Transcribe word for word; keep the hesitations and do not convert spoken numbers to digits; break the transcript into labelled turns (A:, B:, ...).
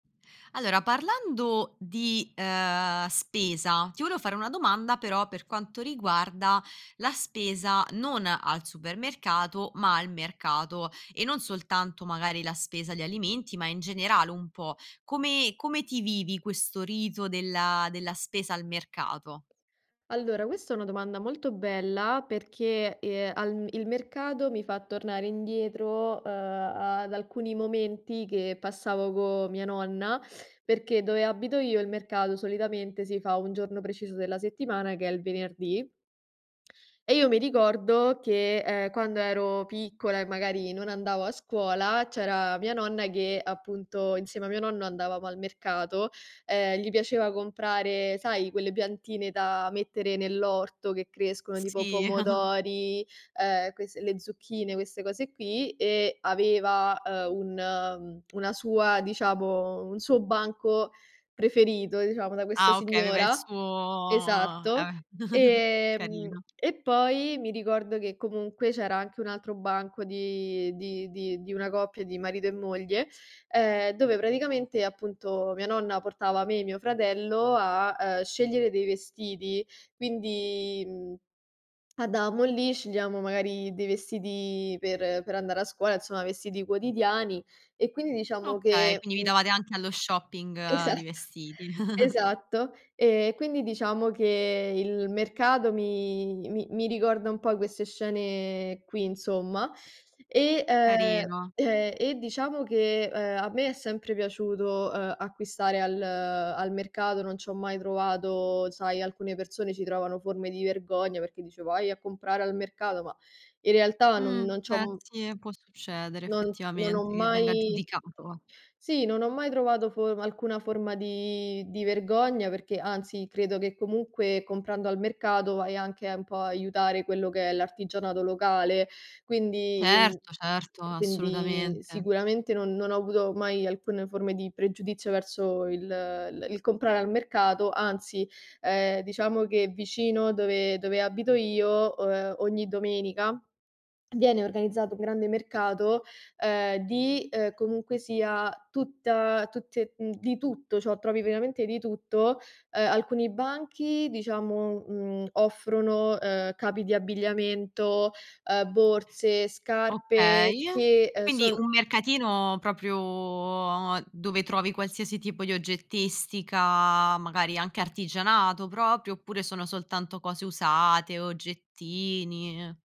A: Allora parlando di, ehm, spesa, ti volevo fare una domanda però per quanto riguarda la spesa non al supermercato ma al mercato e non soltanto magari la spesa di alimenti, ma in generale un po'. Come come ti vivi questo rito della della spesa al mercato?
B: Allora, questo è una domanda molto bella perché, ehm, al il mercato mi fa tornare indietro, ehm, ad alcuni momenti che passavo co mia nonna, perché dove abito io il mercato solitamente si fa un giorno preciso della settimana che è il venerdì. E io mi ricordo che, ehm, quando ero piccola e magari non andavo a scuola, c'era mia nonna che appunto insieme a mio nonno andavamo al mercato, ehm, gli piaceva comprare sai, quelle piantine da mettere nell'orto che crescono, tipo
A: Sì.
B: pomodori, ehm, quest le zucchine, queste cose qui, e aveva, ehm, un una sua, diciamo un suo banco preferito, diciamo, da questa
A: Ah okay, aveva il
B: signora.
A: suo,
B: Esatto.
A: ehm,
B: Ehm,
A: carino.
B: e poi mi ricordo che comunque c'era anche un altro banco di di di di una coppia di marito e moglie, ehm, dove praticamente appunto mia nonna portava me e mio fratello a, ehm, scegliere dei vestiti. Quindi, mhmm, adamo lì, scegliamo magari dei vestiti per per andare a scuola, insomma vestiti quotidiani, e quindi diciamo
A: Okay,
B: che,
A: quindi vi
B: mhmm
A: davate anche allo shopping di
B: Esatto.
A: vestiti.
B: Esatto. Ehm, quindi diciamo che il mercato mi mi mi ricorda un po' queste scene qui, insomma, e, ehm
A: Carino.
B: ehm, e diciamo che, ehm, a me è sempre piaciuto, uhm, acquistare al al mercato, non c'ho mai trovato sai, alcune persone ci trovano forme di vergogna, perché dice: "Vai a comprare al mercato!" Ma in realtà non
A: Mh,
B: non c'ho,
A: eh,
B: m
A: sì, può succedere
B: non non ho
A: effettivamente che venga
B: mai
A: giudicato va.
B: sì, non ho mai trovato form alcuna forma di di vergogna, perché anzi credo che comunque, comprando al mercato vai anche un po' a aiutare quello che è l'artigianato locale, quindi mhmm,
A: Certo, certo,
B: quindi
A: assolutamente.
B: sicuramente non non ho avuto mai alcune forme di pregiudizio verso il il il comprare al mercato, anzi, ehm, diciamo che vicino dove dove abito io, uhm, o ogni domenica, viene organizzato grande mercato, ehm, di, ehm, comunque sia, tutta tutte mhmm, di tutto, ciò trovi veramente di tutto. Ehm, alcuni banchi, diciamo, mhmm, offrono, ehm, capi di abbigliamento, ehm, borse,
A: Okay.
B: scarpe che, uhm,
A: Quindi
B: sono
A: un mercatino propio dove trovi qualsiasi tipo di oggettistica, magari anche artigianato propio, oppure sono soltanto cose usate, oggettini?